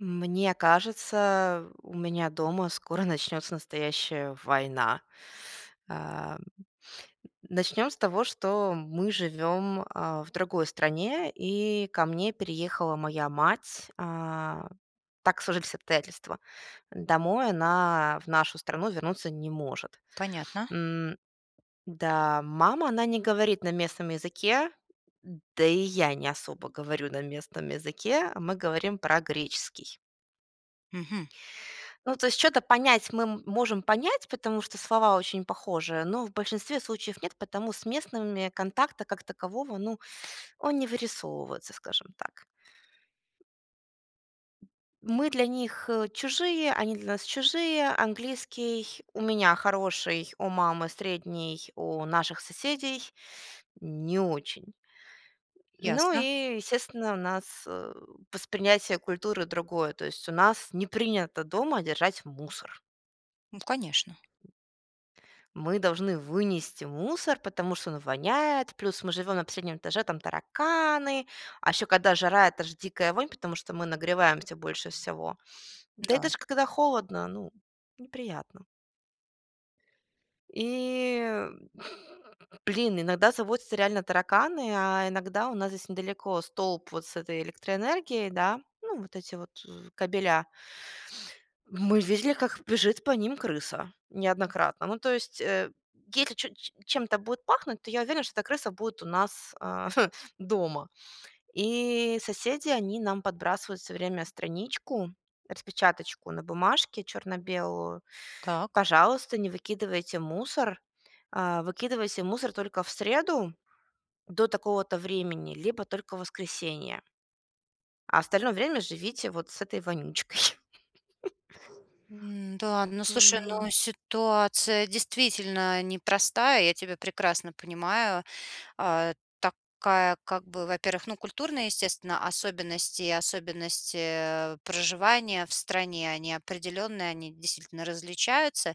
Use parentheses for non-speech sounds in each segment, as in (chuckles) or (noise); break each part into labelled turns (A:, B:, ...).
A: М мне кажется, э, у меня дома скоро (chuckles) начнется настоящая война. А, (sniffs) начнем с того, что, мы живем, а, в другой стране, и ко мне переехала моя мать. А, так сложились обстоятельства. Домой она, в нашу страну, вернуться не может.
B: Понятно.
A: М Да, мама, она не говорит на местном языке, да и я не особо говорю на местном языке. Мы говорим про греческий.
B: Мгм.
A: Ну, то есть чё-то понять мы можем понять, потому что слова очень похожие, но в большинстве случаев нет. Потому с местными контакта как такового, ну он не вырисовывается, скажем так. Мы для них, э, чужие, они для нас чужие. Английский у меня хороший, у мамы средний, у наших соседей (sucks teeth) не очень. Ну,
B: Ясно.
A: и, естественно, у нас, э, восприятие культуры другое. То есть, у нас не принято дома держать мусор.
B: Ну конечно.
A: Мы должны вынести мусор, потому что он воняет. Плюс мы живем на последнем этаже, там тараканы. А еще когда жара, это ж дикая вонь, потому что мы нагреваемся больше всего. Да и
B: Да.
A: даже когда холодно, ну, неприятно. И, блин, иногда заводятся реально тараканы, а иногда у нас здесь недалеко столб вот с этой электроэнергией, да. Ну, вот эти вот, з кабеля. Мы видели, как бежит по ним крыса неоднократно. Ну, то есть, э, если чё, ч чем-то будет пахнуть, то я уверена, что эта крыса будет у нас, а, (chuckles) дома. И соседи, они нам подбрасывают всё время страничку, распечаточку на бумажке черно-белую:
B: Так.
A: "Пожалуйста, не выкидывайте мусор, а, выкидывайте мусор только в среду до такого-то времени либо только в воскресенье". А остальное время живите вот с этой вонючкой. (laughs)
B: М-да, ну, слушай, ну,
A: А.
B: ситуация, действительно, непростая, я тебя прекрасно понимаю. А такая, как бы во-первых, ну, культурные, естественно, особенности особенности, э, проживания в стране, они определенные, они действительно различаются.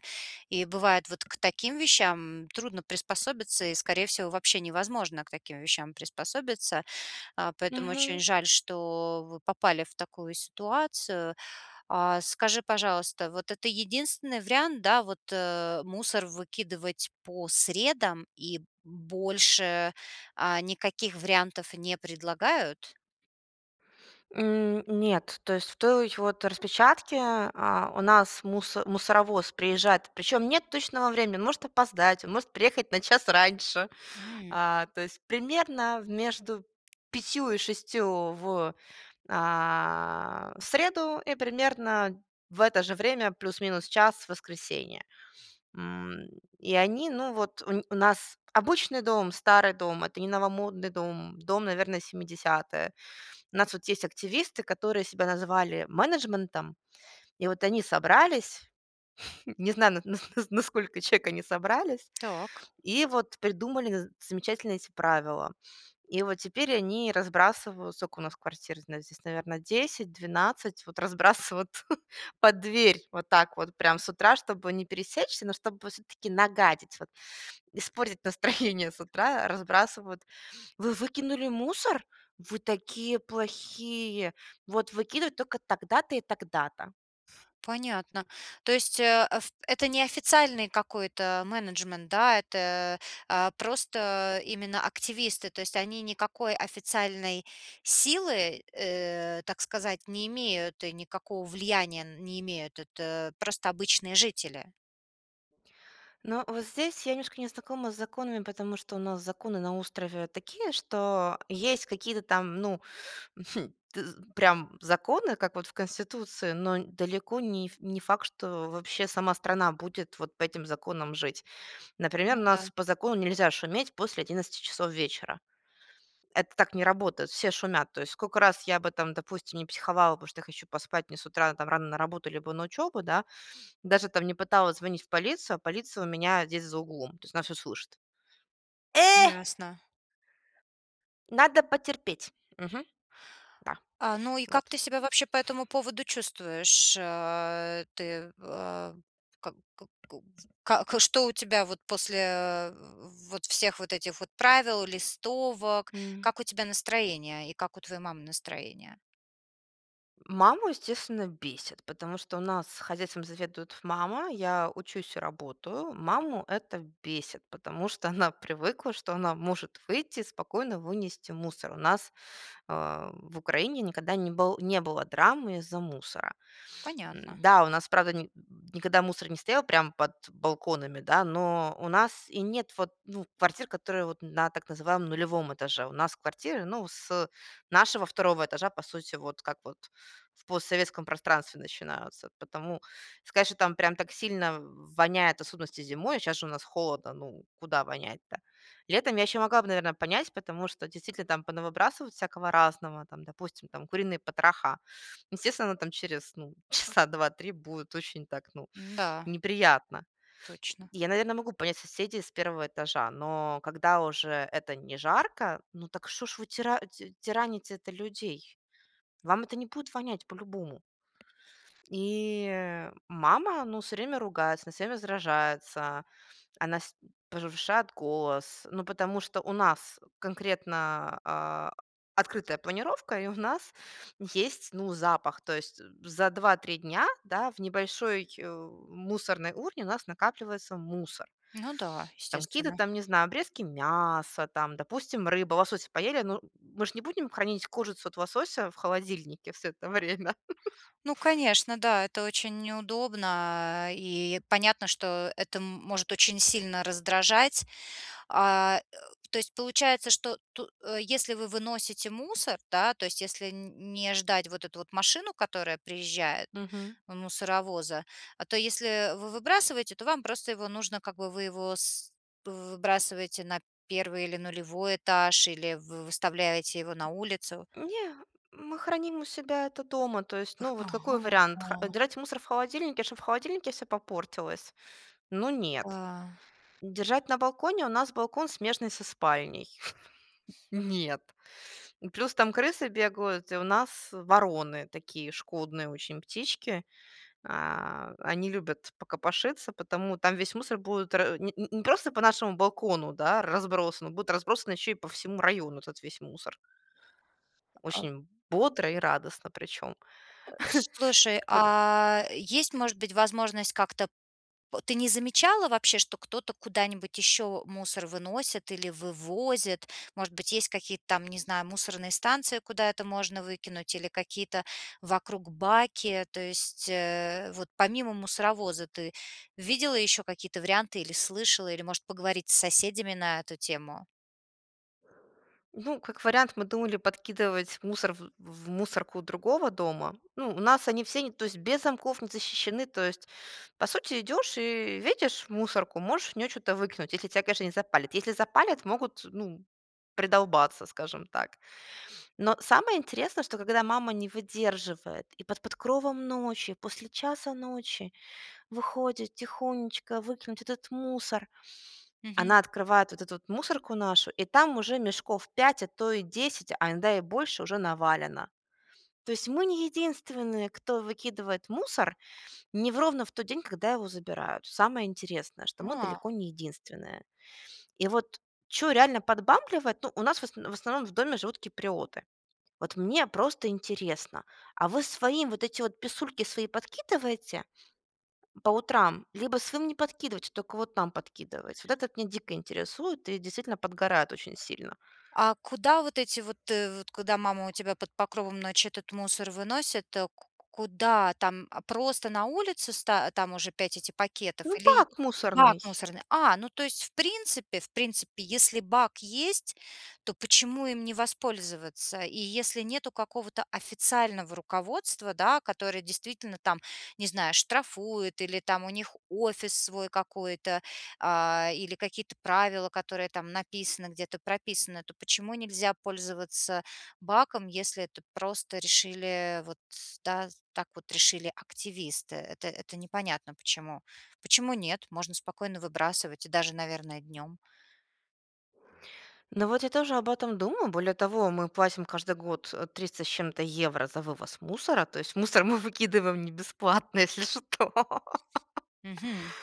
B: И, бывает, вот к таким вещам трудно приспособиться, и, скорее всего, вообще невозможно к таким вещам приспособиться. А, поэтому очень
A: Мгм.
B: жаль, что вы попали в такую ситуацию. А, скажи, пожалуйста, вот это единственный вариант, да, вот, э, мусор выкидывать по средам и больше, а, никаких вариантов не предлагают?
A: М, нет. То есть, в той, вот, распечатке, а у нас мусо мусоровоз приезжает, причём, нет точного времени, он может опоздать, он может приехать на час раньше.
B: Мгм.
A: А, то есть, примерно между 5 и 6 в а, в среду и примерно в это же время, плюс-минус час, в воскресенье. М, и они, ну, вот, у нь у нас обычный дом, старый дом, это не новомодный дом. Дом, наверное, 70-я. У нас, вот, есть активисты, которые себя называли менеджментом, и вот они собрались, (chuckles) не знаю, на нас на сколько человек они собрались,
B: Так.
A: и вот придумали нз замечательные эти правила. И вот теперь они разбрасывают, сколько у нас квартир, зна здесь наверно, 10-12, вот разбрасывают (chuckles) под дверь вот так вот прям с утра, чтобы не пересечься, но чтобы всё-таки нагадить, вот испортить (chuckles) настроение с утра, разбрасывают. "Вы выкинули мусор? Вы такие плохие! Вот выкидывать только тогда-то и тогда-то".
B: Понятно. То есть, э, аф это не официальный какой-то менеджмент, да? Это, э, а просто, э, именно активисты, то есть, они никакой официальной силы, э, так сказать, не имеют и никакого влияния н не имеют. Это просто обычные жители.
A: Но вот здесь я немножко не знакома с законами, потому что у нас законы на острове такие, что есть какие-то там, ну, (chuckles) ты з прям законы, как вот в конституции, но далеко не не факт, что вообще сама страна будет вот по этим законам жить. Например, у
B: Ну да.
A: нас по закону нельзя шуметь после 11 часов вечера. Это так не работает. Все шумят. То есть сколько раз я бы там, допустим, не психовала, потому что я хочу поспать, мне с утра там рано на работу либо на учебу, да, даже, там, не пыталась звонить в полицию, а полиция у меня здесь за углом, то есть она все слышит. Э!
B: Ясно.
A: Надо потерпеть. Мгм. Да.
B: А, ну и
A: Вот.
B: как ты себя вообще по этому поводу чувствуешь? А ты, а, ка ко ку ц как, э, что у тебя вот после, (grunts) вот всех вот этих вот правил, листовок?
A: М.
B: Как у тебя настроение и как у твоей мамы настроение?
A: (grunts) Маму, естественно, бесит, потому что у нас хозяйством заведует мама, я учусь и работаю. Маму это бесит, потому что она привыкла, что она может выйти и спокойно вынести мусор. У нас, а, в Украине никогда не был не было драмы из-за мусора.
B: Понятно.
A: М-да, у нас, правда, ни никогда мусор не стоял прямо под балконами, да, но у нас и нет вот, ну, квартир, которые вот на так называемом нулевом этаже. У нас квартиры, ну, с нашего 2 этажа, по сути, вот как вот в постсоветском пространстве начинаются. Потому сказать, что там прям так сильно воняет, в особенности зимой, щас же у нас холодно, ну, куда вонять-то? Летом я еще могла бы, наверно, понять, потому что действительно там понавыбрасывают всякого разного, там, допустим, там куриные потроха. Естественно, там через, ну, часа 2-3 будет очень так, ну,
B: М-да.
A: неприятно.
B: Точно.
A: И я, наверно, могу понять соседей с 1 этажа, но когда уже это не жарко, ну так что ж вы тира ть тираните-то людей? Вам это не будет вонять по-любому. И, э, мама, ну, всё время ругается, она всё время сражается, она с повышает голос, ну, потому что у нас конкретно, а, открытая планировка, и у нас есть, ну, запах. То есть за 2-3 дня, да, в небольшой, э, мусорной урне у нас накапливается мусор.
B: Ну да,
A: Там какие-то
B: естественно.
A: там, не знаю, обрезки мяса, там, допустим, рыба. Лосося поели- ну, мы ж не будем хранить кожицу от лосося в холодильнике всё это время. (chuckles)
B: Ну конечно, да, это очень неудобно, и понятно, что это, м может очень сильно раздражать. А, э, то есть получается, что ту э, если вы выносите мусор, да, то есть если н не ждать вот эту вот машину, которая приезжает-
A: Мгм.
B: мусоровоза, а, то если вы выбрасываете, то вам просто его нужно, как бы вы его с вы выбрасываете на 1 или 0 этаж, или вы выставляете его на улицу?
A: Не, мы храним у себя это дома, то есть,
B: Эх,
A: ну вот
B: ага,
A: какой вариант? Хра э,
B: а.
A: держать мусор в холодильнике, чтобы в холодильнике всё попортилось? Ну нет.
B: Да.
A: Держать на балконе? У нас балкон, смежный со спальней. (chuckles) Нет. И плюс там крысы бегают, и у нас вороны такие шкодные очень птички. А, они любят покопошиться, поэтому там весь мусор будет ра не не не просто по нашему балкону, да, разбросан, он будет разбросан еще и по всему району, этот весь мусор.
B: А, а
A: Очень бодро и радостно причем.
B: (grunts)
A: (chuckles)
B: Слушай,
A: Пот
B: а есть, может быть, возможность как-то п ты не замечала вообще, что кто-то куда-нибудь еще мусор выносит или вывозит? Может быть, есть какие-то там, не знаю, мусорные станции, куда это можно выкинуть, или какие-то вокруг баки? То есть, э, вот помимо мусоровоза ты видела еще какие-то варианты, или слышала, или, может, поговорить с соседями на эту тему?
A: Ну как вариант, мы думали подкидывать мусор в в мусорку другого дома. Ну у нас они все, не то есть без замков, не защищены. То есть, по сути, идешь и видишь мусорку, можешь в неё чё-то выкинуть, если тя, конечно, не запалят. Если запалят, могут, ну, придолбаться, скажем так. Но самое интересное, что когда мама не выдерживает, и под покровом ночи, после 1:00 ночи, выходит тихонечко выкинуть этот мусор.
B: Мгм.
A: Она открывает вот эту мусорку нашу, и там уже мешков пять, а то и десять, а иногда и больше уже навалено. То есть мы не единственные, кто выкидывает мусор не в ровно в тот день, когда его забирают. Самое интересное, что мы
B: А.
A: далеко не единственные. И вот чё реально подбамбливать, ну нас в осн в основном в доме живут киприоты. Вот мне просто интересно. А вы своим, вот эти вот писульки свои, подкидываете, по утрам? Либо своим не подкидываете, тока вот нам подкидываете? Вот этот меня дико интересует и действительно подгорает очень сильно.
B: А куда вот эти вот э вот куда мама у тебя под покровом ночи этот мусор выносит? Ку куда? Там, а, просто на улице ста там уже 5 эти
A: Ну
B: пакетов или
A: бак,
B: бак
A: мусорный.
B: мусорный? А, ну то есть в принципе, в принципе если бак есть, то почему им не воспользоваться? И если нету какого-то официального руководства да, которое действительно там не знаю штрафует, или там у них офис свой какой-то, а, или какие-то правила, которые там написаны, где-то прописаны, то почему нельзя пользоваться баком, если это просто решили вот да так вот решили активисты. Это это непонятно почему. Почему нет? Можно спокойно выбрасывать и даже, наверное, днём.
A: Ну вот я тоже об этом думаю. Более того, мы платим каждый год 300 с чем-то евро за вывоз мусора, то есть мусор мы выкидываем не бесплатно, если что.
B: Мгм.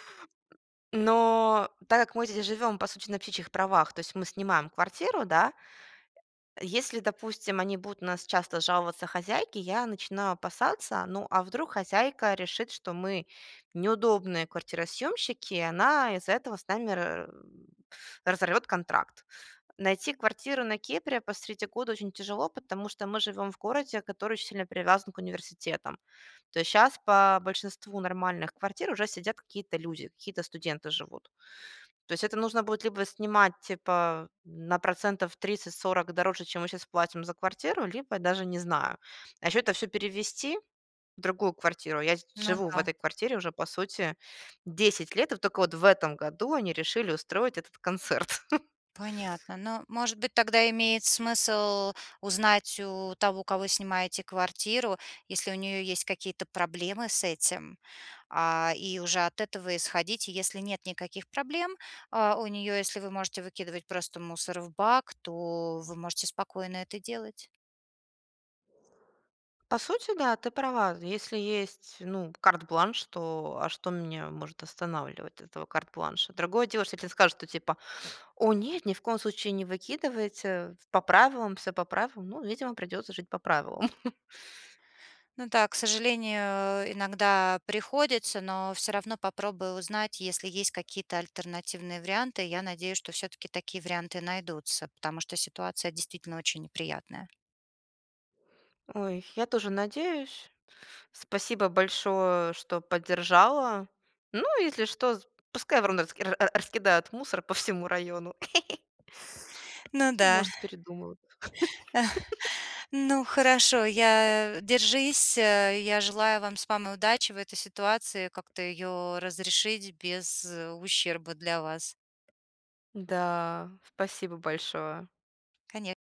A: Но так как мы здесь живем по сути на птичьих правах, то есть мы снимаем квартиру, да. Если, допустим, они будут на нас часто жаловаться хозяйке, я начинаю опасаться, ну а вдруг хозяйка решит, что мы неудобные квартиросъёмщики, и она из-за этого с нами ра разорвет контракт. Найти квартиру на Кипре посреди года очень тяжело, потому что мы живем в городе, который очень сильно привязан к университетам. То есть щас по большинству нормальных квартир уже сидят какие-то люди, какие-то студенты живут. То есть это нужно будет, либо снимать, типа, на процентов 30-40 дороже, чем мы щас платим за квартиру, либо даже не знаю. А еще это всё перевезти в другую квартиру, я сд
B: Ну
A: живу в
B: да.
A: этой квартире уже, по сути, 10 лет, и тока вот в этом году они решили устроить этот концерт. (chuckles)
B: Понятно. Ну, может быть, тогда имеет смысл узнать у того, кого снимаете квартиру, если у неё есть какие-то проблемы с этим, а, и уже от этого исходить. И если нет никаких проблем, а, у неё, если вы можете выкидывать просто мусор в бак, то вы можете спокойно это делать.
A: По сути, да, ты права. Если есть ну карт-бланш, то а что меня может останавливать этого карт-бланша? Другое дело, если тебе скажут, что типа: "О нет, ни в коем случае не выкидывайте, по правилам, всё по правилам", ну видимо, придется жить по правилам. (chuckles)
B: Ну так, к сожалению, иногда приходится, но всё равно попробуй узнать, если есть какие-то альтернативные варианты. Я надеюсь, что всё-таки такие варианты найдутся, потому что ситуация действительно очень неприятная.
A: Ой, я тоже надеюсь. Спасибо большое, что поддержала. Ну, если что, з пускай вороны раск ра раскидают мусор по всему району. (chuckles)
B: Ну да.
A: Может, передумают.
B: (chuckles)
A: (laughs)
B: (exhales) Ну хорошо, я держись, э, я желаю вам с мамой удачи в этой ситуации, как-то её разрешить без ущерба для вас.
A: Да, спасибо большое.
B: Коне